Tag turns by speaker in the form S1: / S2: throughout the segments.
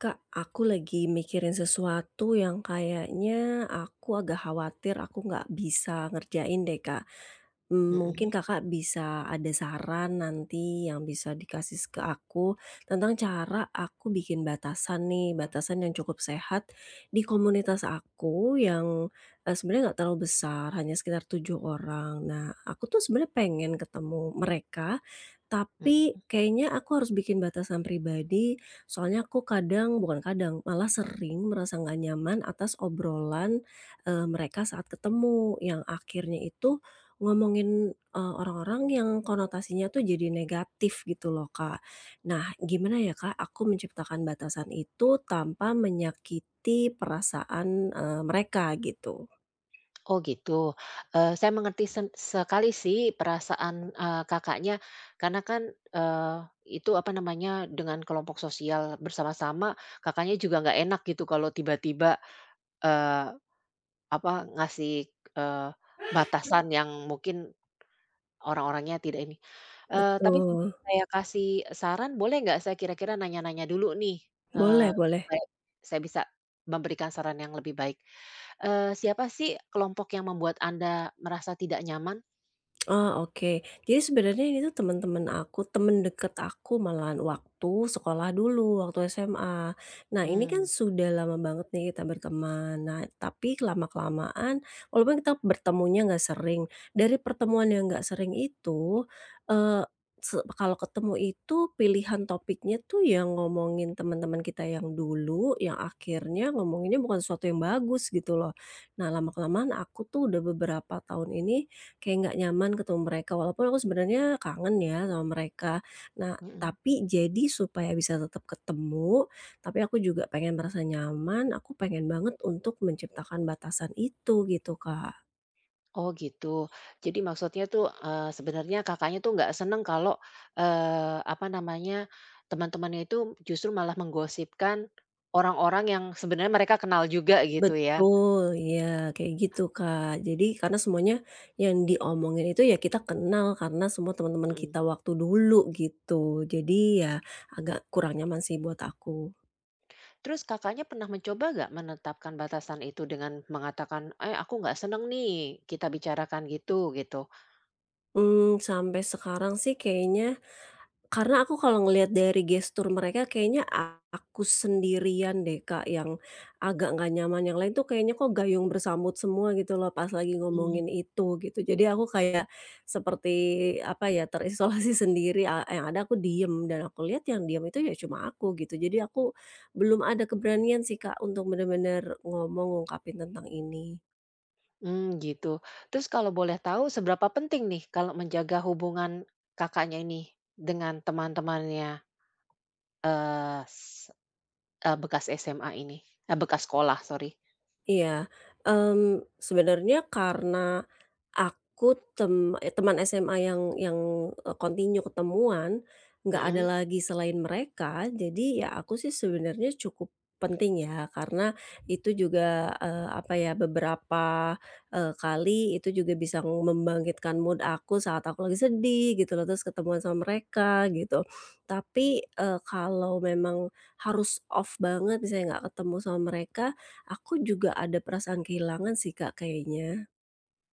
S1: Kak, aku lagi mikirin sesuatu yang kayaknya, aku agak khawatir, aku nggak bisa ngerjain deh, Kak. Mmm, mungkin
S2: Mhm.
S1: Kakak bisa ada saran nanti yang bisa dikasih ke aku tentang cara aku bikin batasan nih, batasan yang cukup sehat di komunitas aku yang, eee, sebenarnya nggak terlalu besar hanya sekitar 7 orang. Nah, aku tuh sebenarnya pengen ketemu mereka, tapi
S2: Mhm.
S1: kayaknya, aku harus bikin batasan pribadi. Soalnya aku kadang bukan kadang, malah sering merasa nggak nyaman atas obrolan, eee, mereka saat ketemu yang akhirnya itu ngomongin, eee, orang-orang yang konotasinya tuh, jadi negatif gitu loh, Kak. Nah, gimana ya, Kak, aku menciptakan batasan itu tanpa menyakiti perasaan, eee, mereka gitu?
S2: Oh gitu. Eh, saya mengerti seng sekali sih perasaan, eee, Kakaknya. Karena kan, eee, itu apa namanya dengan kelompok sosial bersama-sama, Kakaknya juga nggak enak gitu kalau tiba-tiba, eee, apa, ngasih, eee, batasan yang mungkin, orang-orangnya tidak ini. Eee, tapi
S1: Betul.
S2: saya kasih saran boleh nggak, saya kira-kira nanya-nanya dulu nih, eee,
S1: Boleh boleh.
S2: supaya saya bisa memberikan saran yang lebih baik. Eee, siapa sih, kelompok yang membuat Anda merasa tidak nyaman?
S1: Oh, oke. Jadi sebenarnya ini tuh temen-temen aku, temen deket aku malahan waktu sekolah dulu waktu SMA. Nah, ini kan
S2: Mmm.
S1: sudah lama banget nih kita berteman. Nah, tapi lama-kelamaan walaupun kita bertemunya nggak sering, dari pertemuan yang nggak sering itu, eee, se kalau ketemu itu pilihan topiknya tuh yang ngomongin temen-temen kita yang dulu, yang akhirnya ngomonginnya bukan sesuatu yang bagus gitu loh. Nah, lama-kelamaan aku tuh udah beberapa tahun ini, kayak nggak nyaman ketemu mereka walaupun aku sebenarnya kangen ya sama mereka. Nah,
S2: Mhm.
S1: tapi jadi supaya bisa tetep ketemu, tapi aku juga pengen merasa nyaman, aku pengen banget untuk menciptakan batasan itu, gitu, Kak.
S2: Oh gitu. Jadi maksudnya tuh, eee, sebenarnya Kakaknya tuh nggak seneng kalau, eee, apa namanya, teman-temannya itu justru malah menggosipkan orang-orang yang sebenarnya mereka kenal juga gitu ya?
S1: Betul, iya, kayak gitu, Kak. Jadi karena semuanya yang diomongin itu ya kita kenal karena semua temen-temen
S2: Mhm.
S1: kita waktu dulu, gitu. Jadi ya, agak kurang nyaman sih buat aku.
S2: Terus, Kakaknya, pernah mencoba enggak menetapkan batasan itu dengan mengatakan, "Eh, aku enggak seneng nih kita bicarakan gitu," gitu.
S1: Mmm, sampai sekarang sih, kayaknya karena aku kalau ngelihat dari gestur mereka kayaknya aku sendirian deh Kak, yang agak enggak nyaman. Yang lain tuh kayaknya kok gayung bersambut semua gitu loh pas lagi
S2: Mhm.
S1: ngomongin itu, gitu. Jadi, aku kayak seperti apa ya terisolasi sendiri, a yang ada aku diem dan aku lihat yang diem itu ya cuma aku, gitu. Jadi, aku belum ada keberanian sih Kak, untuk bener-bener ngomong, ngungkapin tentang ini.
S2: Mmm, gitu. Terus kalau boleh tahu seberapa penting nih, kalau menjaga hubungan Kakaknya, ini dengan teman-temannya? Eee, se eee, bekas SMA ini, eee, bekas sekolah sorry.
S1: Iya, mmm, sebenarnya karena aku
S2: Hmm.
S1: tem teman SMA yang yang eee, continue ketemuan, enggak ada
S2: Hmm.
S1: lagi selain mereka, jadi ya aku sih sebenarnya cukup penting ya, karena itu juga, eee, apa ya beberapa, eee, kali itu juga bisa membangkitkan mood aku saat aku lagi sedih, gitu loh. Terus, ketemuan sama mereka, gitu. Tapi, eee, kalau memang harus off banget misalnya enggak ketemu sama mereka, aku juga ada perasaan kehilangan sih Kak, kayaknya.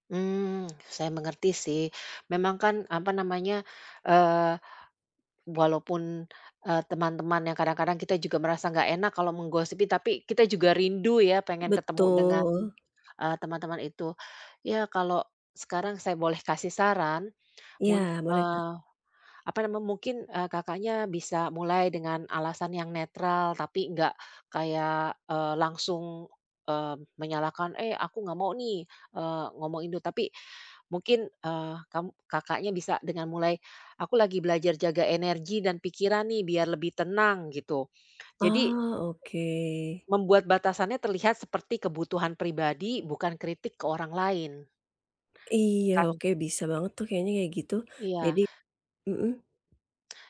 S2: Hmm, saya mengerti sih. Memang kan, apa namanya, eee, walaupun, eee, teman-teman yang kadang-kadang kita juga merasa nggak enak kalau menggosipi, tapi kita juga rindu ya, pengen ketemu dengan,
S1: Betul.
S2: eee, teman-teman itu. Ya, kalau sekarang saya boleh kasih saran, mun
S1: Iya, boleh, Kak.
S2: eee, apa namanya, mungkin, eee, Kakaknya bisa mulai dengan alasan yang netral tapi nggak kayak, eee, langsung, eee, menyalahkan, "Eh, aku nggak mau nih, eee, ngomongin duh", tapi mungkin, eee, kam Kakaknya bisa dengan mulai, "Aku lagi belajar jaga energi dan pikiran nih, biar lebih tenang", gitu. Jadi
S1: Oh, oke.
S2: membuat batasannya terlihat seperti kebutuhan pribadi, bukan kritik ke orang lain.
S1: Iya,
S2: Kan
S1: oke, bisa banget tuh kayaknya ya, gitu. Jadi
S2: Iya.
S1: mhm.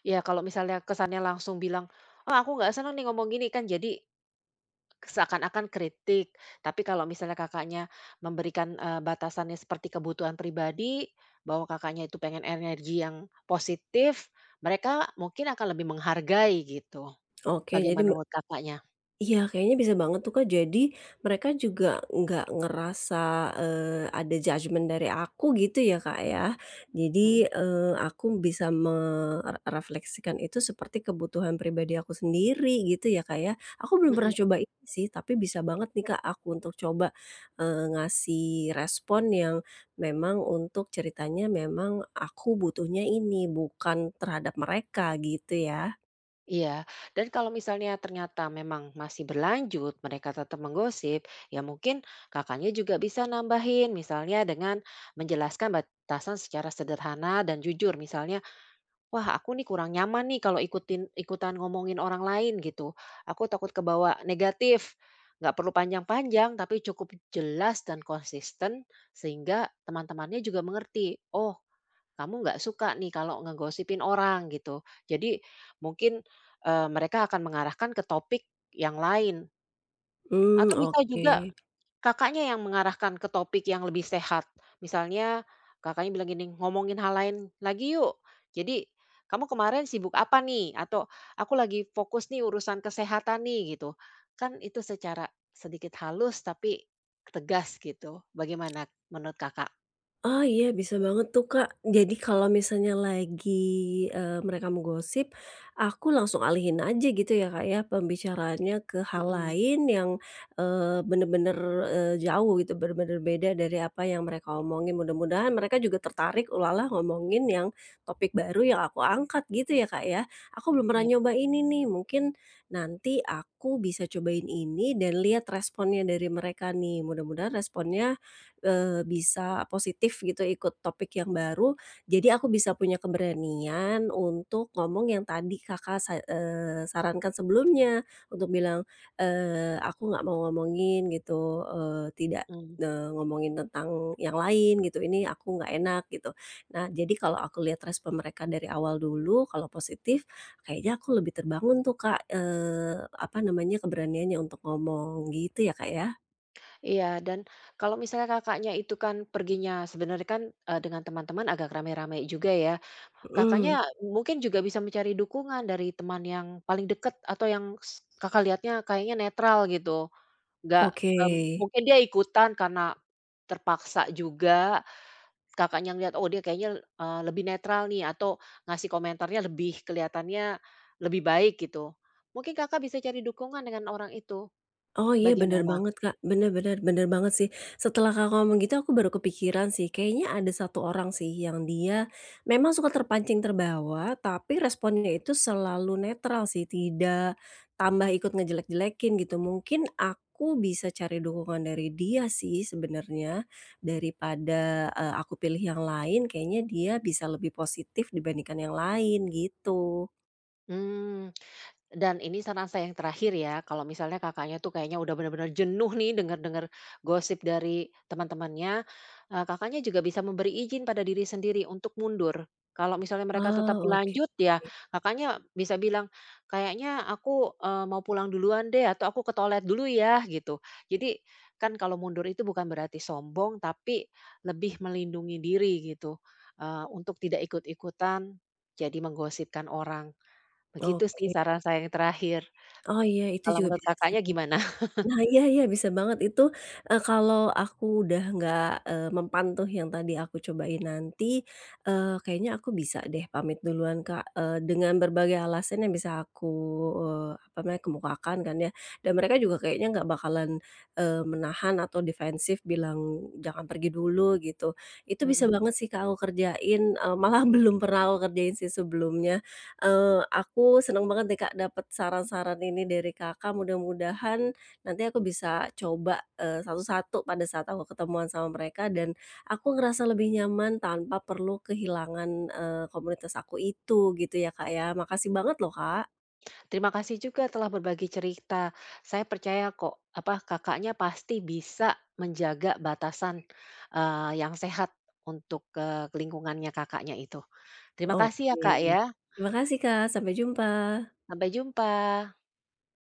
S2: Ya, kalau misalnya kesannya langsung bilang, "Ah, aku nggak seneng nih ngomong gini", kan jadi seakan-akan kritik, tapi kalau misalnya Kakaknya memberikan, eee, batasannya seperti kebutuhan pribadi, bahwa Kakaknya itu pengen energi yang positif, mereka mungkin akan lebih menghargai, gitu.
S1: Oke, jadi
S2: Bagaimana
S1: me
S2: menurut Kakaknya?
S1: iya, kayaknya bisa banget tuh, Kak. Jadi mereka juga nggak ngerasa, eee, ada judgement dari aku, gitu ya, Kak, ya.
S2: Mhm.
S1: Jadi, eee, aku bisa me re refleksikan itu seperti kebutuhan pribadi aku sendiri, gitu, ya, Kak, ya. Aku belum pernah
S2: Mhm.
S1: coba itu sih, tapi bisa banget nih, Kak, aku untuk coba, eee, ngasih respon yang memang untuk ceritanya memang aku butuhnya ini, bukan terhadap mereka, gitu, ya.
S2: Iya, dan kalau misalnya ternyata memang masih berlanjut mereka tetap menggosip, ya mungkin Kakaknya juga bisa nambahin misalnya dengan menjelaskan batasan secara sederhana dan jujur misalnya, "Wah aku nih kurang nyaman nih kalau ikutin ikutan ngomongin orang lain," gitu, "Aku takut kebawa negatif," gak perlu panjang-panjang tapi cukup jelas dan konsisten sehingga teman-temannya juga mengerti, "Oh, kamu gak suka nih kalau ngegosipin orang," gitu. Jadi mungkin, eee, mereka akan mengarahkan ke topik yang lain.
S1: Hmm,
S2: Atau bisa juga,
S1: oke.
S2: Kakaknya yang mengarahkan ke topik yang lebih sehat. Misalnya Kakaknya bilang gini, "Ngomongin hal lain lagi yuk. Jadi, kamu kemarin sibuk apa nih?" Atau "aku lagi fokus nih urusan kesehatan nih," gitu. Kan itu secara sedikit halus tapi tegas gitu. Bagaimana menurut, Kakak?
S1: Oh, iya bisa banget tuh, Kak. Jadi kalau misalnya lagi, eee, mereka menggosip aku langsung alihin aja gitu ya, Kak, ya, pembicaraannya ke hal
S2: Mhm.
S1: lain yang, eee, benar-benar, eee, jauh gitu, benar-benar beda dari apa yang mereka omongin. Mudah-mudahan mereka juga tertarik, ulalah ngomongin yang topik baru yang aku angkat gitu ya, Kak, ya. Aku belum pernah
S2: Iya.
S1: nyoba ini nih, mungkin nanti aku bisa cobain ini dan lihat responnya dari mereka nih, mudah-mudahan responnya, eee, bisa positif gitu ikut topik yang baru, jadi aku bisa punya keberanian untuk ngomong yang tadi Kakak sa eee, sarankan sebelumnya untuk bilang, eee, aku nggak mau ngomongin gitu, eee, tidak,
S2: Mhm.
S1: eee, ngomongin tentang yang lain gitu, ini aku nggak enak, gitu. Nah, jadi kalau aku lihat respon mereka dari awal dulu, kalau positif kayaknya aku lebih terbangun tuh Kak, eee, apa namanya, keberaniannya untuk ngomong. Gitu ya, Kak, ya?
S2: Iya, dan kalau misalnya Kakaknya itu kan perginya sebenarnya kan, eee, dengan teman-teman agak rame-rame juga ya? Kakaknya
S1: Mhm.
S2: mungkin juga bisa mencari dukungan dari teman yang paling dekat atau yang s Kakak lihatnya kayaknya netral gitu. Enggak,
S1: Oke.
S2: m mungkin dia ikutan karena terpaksa juga. Kakaknya ngelihat, "Oh dia kayaknya le eee, lebih netral nih atau ngasih komentarnya lebih kelihatannya lebih baik gitu." Mungkin Kakak bisa cari dukungan dengan orang itu.
S1: Oh iya, benar
S2: Bagaimana?
S1: banget Kak. Bener bener, benar banget sih. Setelah Kakak ngomong gitu aku baru kepikiran sih, kayaknya ada satu orang sih yang dia memang suka terpancing, terbawa. Tapi responnya itu selalu netral sih, tidak tambah ikut ngejelek-jelekin, gitu. Mungkin aku bisa cari dukungan dari dia sih sebenarnya. Daripada, eee, aku pilih yang lain, kayaknya dia bisa lebih positif dibandingkan yang lain, gitu.
S2: Mmm, dan ini saran saya yang terakhir ya, kalau misalnya Kakaknya tuh kayaknya udah benar-benar jenuh nih dengar-dengar gosip dari teman-temannya, eee, Kakaknya juga bisa memberi izin pada diri sendiri untuk mundur. Kalau misalnya mereka tetap
S1: Oh, oke.
S2: lanjut ya, Kakaknya bisa bilang, "Kayaknya aku, eee, mau pulang duluan deh," atau, "aku ke toilet dulu ya," gitu. Jadi kan kalau mundur itu bukan berarti sombong, tapi lebih melindungi diri, gitu. Eee, untuk tidak ikut-ikutan jadi menggosipkan orang. Begitu sih
S1: Oke.
S2: saran saya yang terakhir.
S1: Oh iya, itu
S2: Kalau
S1: juga
S2: menurut
S1: bisa sih.
S2: Kakaknya gimana?
S1: Nah iya iya bisa banget itu, eee, kalau aku udah nggak, eee, mempan tuh yang tadi aku cobain nanti, eee, kayaknya aku bisa deh pamit duluan Kak, eee, dengan berbagai alasan yang bisa aku, eee, apa namanya, kemukakan kan ya. Dan mereka juga kayaknya enggak bakalan, eee, menahan atau defensif bilang, "jangan pergi dulu," gitu. Itu bisa
S2: Mhm.
S1: banget sih Kak aku kerjain, eee, malah belum pernah aku kerjain sih sebelumnya. Eee, aku seneng banget deh Kak dapat saran-saran ini dari Kakak. Mudah-mudahan nanti aku bisa coba, eee, satu-satu pada saat aku ketemuan sama mereka dan aku ngerasa lebih nyaman, tanpa perlu kehilangan, eee, komunitas aku itu, gitu ya Kak ya. Makasih banget loh Kak.
S2: Terima kasih juga telah berbagi cerita. Saya percaya kok, apa, Kakaknya pasti bisa menjaga batasan, eee, yang sehat untuk ke lingkungannya Kakaknya itu. Terima kasih ya
S1: Oke,
S2: Kak, ya.
S1: terima kasih Kak. Sampai jumpa.
S2: Sampai jumpa.